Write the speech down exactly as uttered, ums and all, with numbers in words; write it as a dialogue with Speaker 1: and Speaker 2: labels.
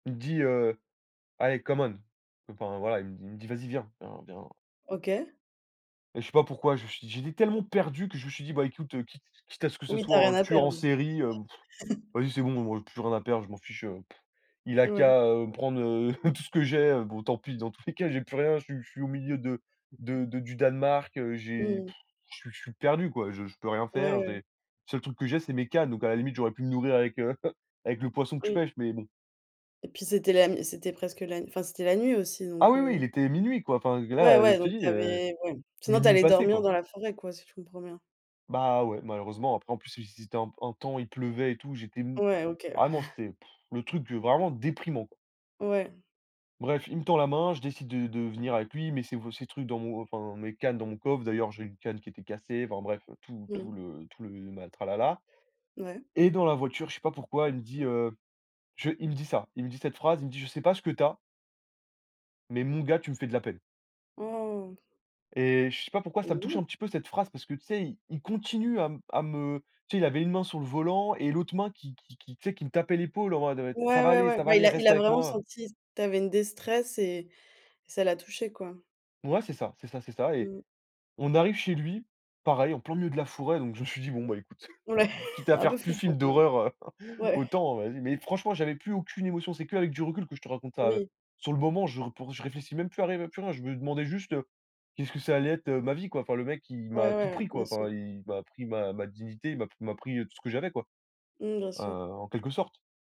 Speaker 1: Il me dit, heu: «Allez, come on», enfin, voilà, il me dit il me dit: «Vas-y, viens, viens, viens»
Speaker 2: OK.
Speaker 1: et je sais pas pourquoi, je suis j'étais tellement perdu que je me suis dit: «Bah, écoute, quitte quitte à ce que ce
Speaker 2: Oui, tu as
Speaker 1: soit
Speaker 2: rien
Speaker 1: un
Speaker 2: à
Speaker 1: tueur en
Speaker 2: perdre là.
Speaker 1: série, heu, vas-y, c'est bon, moi, j'ai plus rien à perdre, je m'en fiche, heu,» il a
Speaker 2: Ouais.
Speaker 1: qu'à, heu, prendre, heu, tout ce que j'ai. Bon, tant pis, dans tous les cas, j'ai plus rien, je suis je suis au milieu de de de du Danemark, heu, j'ai,
Speaker 2: Mmh mh.
Speaker 1: je suis je suis perdu; quoi. Je je peux rien
Speaker 2: Ouais,
Speaker 1: faire. J'ai
Speaker 2: ouais.
Speaker 1: le seul truc que j'ai, c'est mes cannes, donc à la limite, j'aurais pu me nourrir avec, heu, avec le poisson que je
Speaker 2: Oui.
Speaker 1: pêche, mais bon.
Speaker 2: Et puis, c'était la n c'était presque la n enfin, c'était la nuit aussi,
Speaker 1: Ah,
Speaker 2: donc
Speaker 1: oui, oui,
Speaker 2: heu.
Speaker 1: il était minuit, quoi, enfin,
Speaker 2: Ouais,
Speaker 1: là,
Speaker 2: ouais,
Speaker 1: je te
Speaker 2: donc
Speaker 1: dis,
Speaker 2: tu
Speaker 1: heu,
Speaker 2: avais ouais. Sinon, tu
Speaker 1: minuit
Speaker 2: allais
Speaker 1: passé,
Speaker 2: dormir
Speaker 1: quoi.
Speaker 2: dans la forêt, quoi, si je comprends bien.
Speaker 1: Bah, ouais, malheureusement, après, en plus, si si c'était un p un temps, il pleuvait, et tout, j'étais m
Speaker 2: Ouais, OK.
Speaker 1: vraiment, c'était pff le truc, heu, vraiment déprimant, quoi.
Speaker 2: Ouais.
Speaker 1: Bref, il me tend la main. Je décide de de venir avec lui. Il met ces v ces trucs dans mon enfin, mes cannes dans mon coffre. D'ailleurs j'ai une canne qui était cassée, enfin, bref, tout
Speaker 2: Mmh.
Speaker 1: tout le tout le ma tralala
Speaker 2: Ouais.
Speaker 1: et dans la voiture, je sais pas pourquoi, il me dit: «Heu, je», il me dit ça. Il me dit cette phrase, il me dit: «Je sais pas ce que tu as» «mais mon gars, tu me fais de la peine».
Speaker 2: Oh.
Speaker 1: Et je sais pas pourquoi, ça me touche,
Speaker 2: [unintelligible]
Speaker 1: un petit peu, cette phrase, parce que, tu sais, il il continue à m à me tu sais, il avait une main sur le volant, et l'autre main, qui qui qui tu sais, qui me tapait l'épaule en mode: «Ça
Speaker 2: Ouais,
Speaker 1: va
Speaker 2: ouais,
Speaker 1: aller,
Speaker 2: ouais,
Speaker 1: ça va
Speaker 2: bah, il
Speaker 1: aller,
Speaker 2: a il
Speaker 1: reste
Speaker 2: a
Speaker 1: avec
Speaker 2: vraiment
Speaker 1: moi, heu,».
Speaker 2: senti, tu avais une déstresse et et ça l'a touché, quoi.
Speaker 1: Ouais, c'est ça c'est ça, c'est ça et
Speaker 2: Mmh.
Speaker 1: on arrive chez lui. Pareil, en plein milieu de la forêt, donc je me suis dit: «Bon, bah, écoute,
Speaker 2: Ouais,
Speaker 1: quitte à
Speaker 2: un peu
Speaker 1: faire plus
Speaker 2: flippant,
Speaker 1: film
Speaker 2: quand même.
Speaker 1: d'horreur,
Speaker 2: Ouais.
Speaker 1: autant, heu, vas-y» mais franchement j'avais plus aucune émotion. C'est qu'avec du recul que je te raconte ça, heu,
Speaker 2: Oui.
Speaker 1: sur le moment, je r pour je réfléchis même plus à rêver à plus rien. Je me demandais juste: «Heu, qu'est-ce que ça allait être, heu, ma vie, quoi». Enfin le mec, il
Speaker 2: Ouais,
Speaker 1: m'a tout
Speaker 2: ouais,
Speaker 1: pris,
Speaker 2: bien
Speaker 1: quoi.
Speaker 2: sûr.
Speaker 1: Enfin, il m'a pris ma ma dignité, il m'a p m'a pris, heu, tout ce que j'avais, quoi,
Speaker 2: Mmh, bien
Speaker 1: heu,
Speaker 2: sûr.
Speaker 1: en quelque sorte.